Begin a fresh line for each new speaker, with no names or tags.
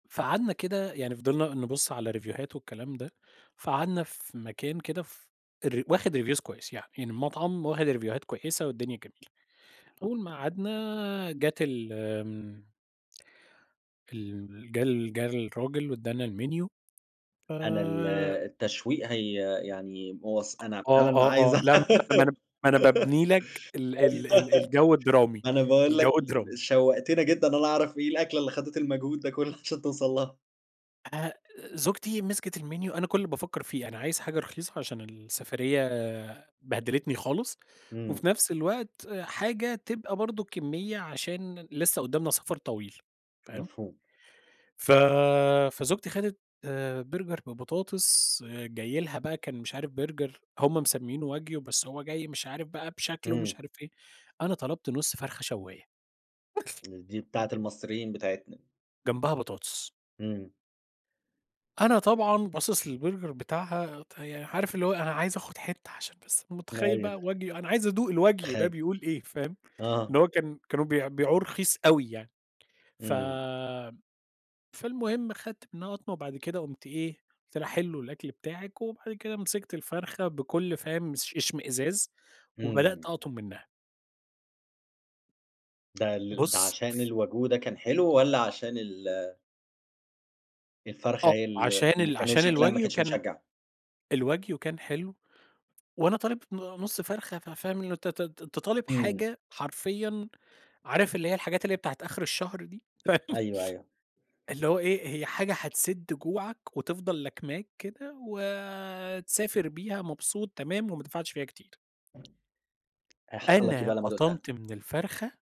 فقعدنا كده يعني فضلنا نبُص على ريفيوهات والكلام ده، فقعدنا في مكان كده ف الر واخد reviews كويس يعني، يعني المطعم واخد ريفيوهات كويسة والدنيا جميلة. أول ما قعدنا جات ال آمم ال جه جه الراجل وادّانا الmenu
أنا ال
آآ
التشويق هي يعني
أ
مواص أنا
آه،
فعلًا عايز
آه، آه،
أع
لأ ما أنا ما أنا ما أنا بابني لك ال ال ال الجو الدرامي،
أنا باقول لك
الجو
ال
الدرامي.
شوقتنا جدًا إن أنا أعرف إيه الأكلة اللي خدت المجهود ده كله عشان توصل لها.
آآ زوجتي مسكت الmenu، أنا كل اللي بافكر فيه، أنا عايز حاجة رخيصة عشان السفرية بهدلتني خالص،
إمم.
وفي نفس الوقت حاجة تبقى برضه كمية عشان لسه قدامنا سفر طويل، فاهم؟
مفهوم.
ف فزوجتي خدت Burger ببطاطس جاي لها بقى كان مش عارف Burger هم مسمينه wagyu بس هو جاي مش عارف بقى بشكله ومش
إمم.
عارف إيه. أنا طلبت نُص فرخة شواية.
امم، دي بتاعة المصريين بتاعتنا.
جنبها بطاطس.
إمم.
أنا طبعًا باصص للBurger بتاعها ت يعني عارف اللي هو أنا عايز آخد حتّة عشان بس متخيل بقى
أيوه.
wagyu أنا عايز أدوق الwagyu ده
تخي
بيقول إيه، فاهم؟
آه.
إن هو كان كانوا بيبيعوه رخيص أوي يعني. ف
إمم.
فالمهم خدت منها قطمة وبعد كده قمت إيه، قلت لها: "حلو الأكل بتاعِك" وبعد كده مسكت الفرخة بكل فاهم اش اشمئزاز وبدأت
إمم.
أقطم منّها.
ده ال ده
بُص
عشان الwagyu كان حلو والّا عشان ال الفرخة
آه،
هي ال
عشان
اللي
ال
كانت
عشان
شكلها ما
الwagyu
كانش
كان
مُشجع.
الwagyu كان حلو. وأنا طالب ن نُص فرخة ف فاهم إن أنت ت ت أنت تطالب
إمم.
حاجة حرفيًا، عارف اللي هي الحاجات اللي هي بتاعة آخر الشهر دي، فاهم؟
أيوه أيوه.
اللي هو إيه؟ هي حاجة هتسد جوعك وتفضل لاكماك كده وتسافر بيها مبسوط تمام وما دفعتش فيها كتير.
هيحصل لك إيه
أنا
بقى لمّا دوقتها؟
قطمت من الفرخة.